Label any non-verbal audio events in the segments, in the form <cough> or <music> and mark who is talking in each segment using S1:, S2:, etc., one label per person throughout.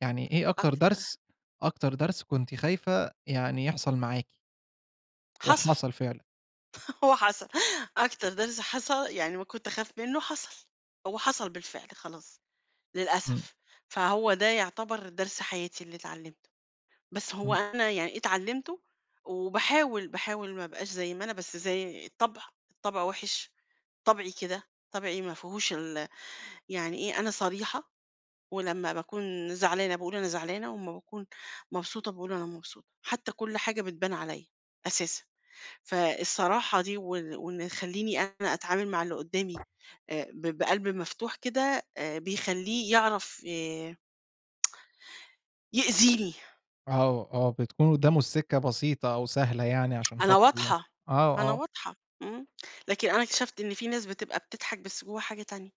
S1: يعني إيه أكتر
S2: أكتر
S1: درس أكتر درس كنتِ خايفة يعني يحصل معاكِ؟
S2: حصل،
S1: وحصل فعلًا؟
S2: <laughs> هو حصل، أكتر درس حص يعني ما كنت أخاف منّه حصل، هو حصل بالفعل، خلاص،
S1: إمم.
S2: للأسف، فهو ده يعتبر درس حياتي اللي اتعلِّمته، بس هو
S1: إمم.
S2: أنا يعني اتعلِّمته، وباحاول، باحاول ما أبقاش زي ما أنا، بس زي الطبع الطبع وِحِش، طبعي كده، طبعي ما فيهوش ال يعني إيه، أنا صريحة ولمّا باكون زعلانة باقول أنا زعلانة، وأمّا باكون مبسوطة باقول أنا مبسوطة، حتى كل حاجة بتبان عليَّ، أساسًا، فالصراحة دي وال وإنه يخلّيني أنا أتعامل مع اللي قدّامي آآ، ب بقلْب مفتوح كده، آآ، بيخلّيه يعرف ي <tsk> يأذيني.
S1: آه، آه، بتكون قدّامه السكّة بسيطة أو سهلة يعني،
S2: <tsk>
S1: عشان
S2: أنا
S1: خاطر ي
S2: واضحة
S1: آه،
S2: أنا
S1: آه.
S2: واضحة، إمم، لكن أنا اكتشفت إن في ناس بتبقى بتضحك بس جواها حاجة تانية،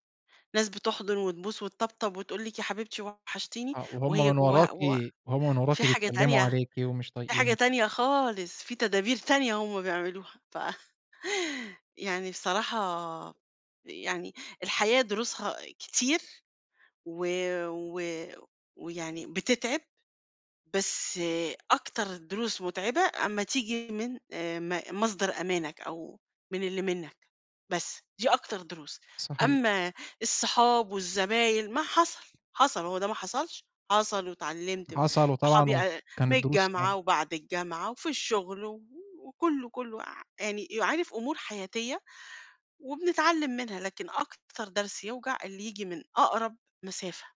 S2: ناس بتحضُن وتبوس وتطبطب، وتقول لِك "يا حبيبتي وحشتيني."
S1: آه، وهم
S2: وهي
S1: من
S2: جواها
S1: وراكِ
S2: و
S1: وهم من
S2: في
S1: وراكِ
S2: حاجة
S1: بيتكلِّموا
S2: تانية
S1: عليكِ، ومش
S2: في حاجة
S1: طايقينِك.
S2: تانية خالص، في تدابير تانية، هم بيعملوها ف <chuckles> يعني بصراحة يعني الحياة دروسها كتير، و و ويعني بتتعِب، بس أكتر دروس متعبة أمّا تيجي من آآ، م مصدر أمانك أو من اللي منّك، بس، دي أكتر دروس.
S1: صحيح.
S2: أمّا الصُحاب والزباين ما حصل حصل هو ده ما حصلش، حصل واتعلِّمت م
S1: حصل وطبعًا
S2: صحابي
S1: و
S2: أ من
S1: كانت دروس صعبة.
S2: الجامعة وبعد الجامعة وفي الشغل، و وكلّه كلّه عا يعني يو عارف أُمور حياتية، وبنتعلِّم منها لكن أكتر درس يوجع اللي ييجي من أقرب مسافة.